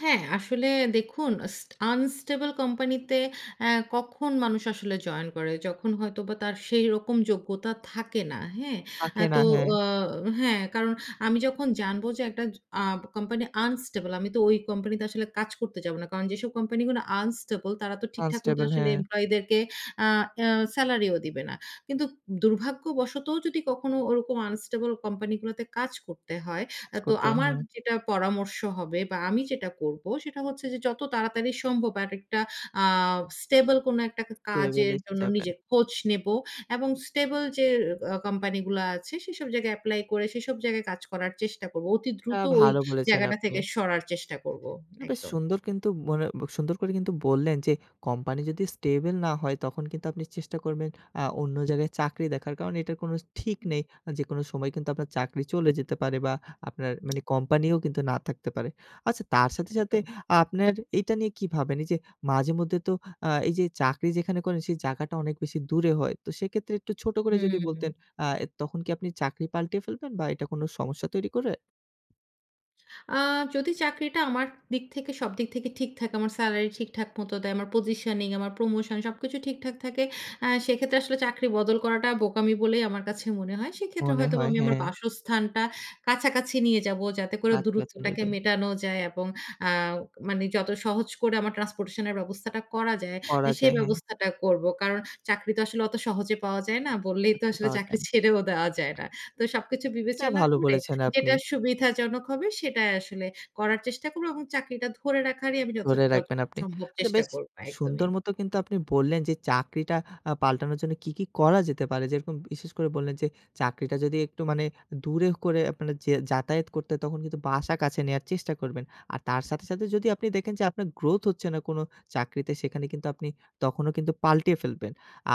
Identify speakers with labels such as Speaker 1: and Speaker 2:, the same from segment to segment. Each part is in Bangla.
Speaker 1: হ্যাঁ, আসলে দেখুন স আনস্টেবল কোম্পানিতে আ কখন মানুষ আসলে জয়েন করে, যখন হয়তোবা তার সেরকম যোগ্যতা থাকে না। হ্যাঁ? আ
Speaker 2: থাকে না,
Speaker 1: তো
Speaker 2: হ্যাঁ।
Speaker 1: অ হ্যাঁ কারণ আমি যখন জানব যে একটা জ আ কোম্পানি আনস্টেবল আমি তো ওই কোম্পানিতে আসলে কাজ করতে যাব না। কারণ যেসব কোম্পানি গুলো আনস্টেবল, তারা তো ঠিকঠাক মত
Speaker 2: আনস্টেবল,
Speaker 1: আসলে
Speaker 2: হ্যাঁ।
Speaker 1: এমপ্লয়িদেরকে আ সেলারি ও দিবে না। কিন্তু দুর্ভাগ্যবশতও যদি কখনো ওরকম আনস্টেবল কোম্পানি গুলোতে কাজ করতে হয়, আ
Speaker 2: জ
Speaker 1: তো
Speaker 2: করতে হয়,
Speaker 1: আমার
Speaker 2: হ্যাঁ।
Speaker 1: যেটা পরামর্শ হবে বা আমি যেটা করব সেটা হচ্ছে যে যত তাড়াতাড়ি সম্ভব আরেকটা আ স্টেবল কোনো একটা
Speaker 2: টেবল
Speaker 1: কাজের
Speaker 2: এ
Speaker 1: জন্য
Speaker 2: যাবেন।
Speaker 1: নিজের খোঁজ নেব, এবং স্টেবল যে ক কোম্পানি গুলো আছে সেসব জায়গায় এপ্লাই করে, সেসব জায়গায় কাজ করার চেষ্টা করব। অতি
Speaker 2: তা
Speaker 1: দ্রুত ওই
Speaker 2: ভালো বলেছেন
Speaker 1: জায়গাটা
Speaker 2: আপনি।
Speaker 1: থেকে সরার চেষ্টা করব
Speaker 2: বেশ
Speaker 1: একদম।
Speaker 2: সুন্দর কিন্তু মনে সুন্দর করে বললেন যে কোম্পানি যদি স্টেবল না হয়, তখন কিন্তু আপনি চেষ্টা করবেন আ অন্য জায়গায় চাকরি দেখার কারণ এটা কোনো ঠিক
Speaker 1: হুম।
Speaker 2: নেই। যেকোনো সময় কিন্তু আপনার চাকরি চলে যেতে পারে, বা আপনার মানি কোম্পানিও কিন্তু না থাকতে পারে। আচ্ছা তার সাথে, সাথে
Speaker 1: একদম।
Speaker 2: আপনার এটা নিয়ে কি ভাবেন? যে মাঝে মধ্যে তো আ এইযে চাকরি যেখানে করেন, সেই জায়গাটা অনেক বেশি দূরে হয়। তো সেক্ষেত্রে একটু ছোট করে যদি
Speaker 1: হুম।
Speaker 2: বলতেন আ তখন কি আপনি চাকরি পাল্টে ফেলবেন বা এটা কোনো সমস্যা তৈরি করে?
Speaker 1: আ যদি চাকরিটা আমার দিক থেকে সব দিক থেকে ঠিক থাকে, আমার সেলারি ঠিকঠাক মত দেয়। আমার পজিশনিং আমার প্রমোশন সবকিছু ঠিকঠাক থাকে। আ সেক্ষেত্রে আসলে চাকরি বদল করাটা বোকামি বলেই আমার কাছে মনে হয়। সেক্ষেত্রে
Speaker 2: মনে
Speaker 1: হয়তো
Speaker 2: হয়,
Speaker 1: আমি আমার
Speaker 2: হ্যাঁ।
Speaker 1: বাসস্থানটা কাছাকাছি নিয়ে যাব। যাতে করে
Speaker 2: কাছাকাছি
Speaker 1: দূরত্বটাকে
Speaker 2: নেবেন।
Speaker 1: মেটানো যায়, এবং আ মানে যত সহজ করে আমার ট্রান্সপোর্টেশন এর ব্যবস্থাটা করা যায় আ
Speaker 2: পরা
Speaker 1: সেই
Speaker 2: যায় হ্যাঁ।
Speaker 1: ব্যবস্থাটা করব। কারণ চাকরি তো আসলে অত সহজে পাওয়া যায় না। বললেই তো
Speaker 2: হাতে
Speaker 1: আসলে
Speaker 2: পাওয়া
Speaker 1: চাকরি
Speaker 2: যায়।
Speaker 1: ছেড়েও দেওয়া যায় না। তো সবকিছু
Speaker 2: এটা
Speaker 1: বিবেচনা
Speaker 2: ভালো
Speaker 1: করে
Speaker 2: বলেছেন আপনি।
Speaker 1: যেটা সুবিধাজনক হবে, সেটাই আসলে করার চেষ্টা করব, এবং চাকরিটা ধরে রাখারই আমি যত
Speaker 2: ধরে রাখবেন,
Speaker 1: যতটুকু
Speaker 2: আপনি
Speaker 1: সম্ভব
Speaker 2: আচ্ছা
Speaker 1: চেষ্টা
Speaker 2: বেশ
Speaker 1: করবো একদমই।
Speaker 2: সুন্দর মতো কিন্তু আপনি বললেন, যে চাকরিটা আ পাল্টানোর জন্য কি, কি করা যেতে পারে, যেরকম বিশেষ করে বললেন যে চাকরিটা যদি একটু মানে দূরে করে আপনার যে যাতায়াত করতে হয়, তখন কিন্তু বাসা কাছে নেওয়ার চেষ্টা করবেন। আর তার সাথে, সাথে যদি আপনি দেখেন, যে আপনার গ্রোথ হচ্ছে না, কোনো চাকরিতে, সেখানে কিন্তু আপনি তখনও কিন্তু পাল্টিয়ে ফেলবেন।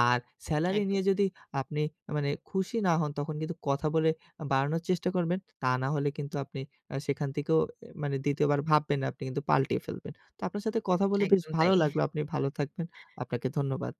Speaker 2: আর সেলারি
Speaker 1: একদম।
Speaker 2: নিয়ে যদি আপনি মানে খুশি না হন তখন কিন্তু কথা বলে আ বাড়ানোর চেষ্টা করবেন। তা না হলে কিন্তু আপনি আ সেখান থেকেও মানে ২য় বার ভাববেন না, আপনি কিন্তু পাল্টিয়ে ফেলবেন। তো আপনার সাথে কথা বলে বেশ
Speaker 1: একদম তাই।
Speaker 2: ভালো লাগলো। আপনি ভালো থাকবেন। আপনাকে ধন্যবাদ।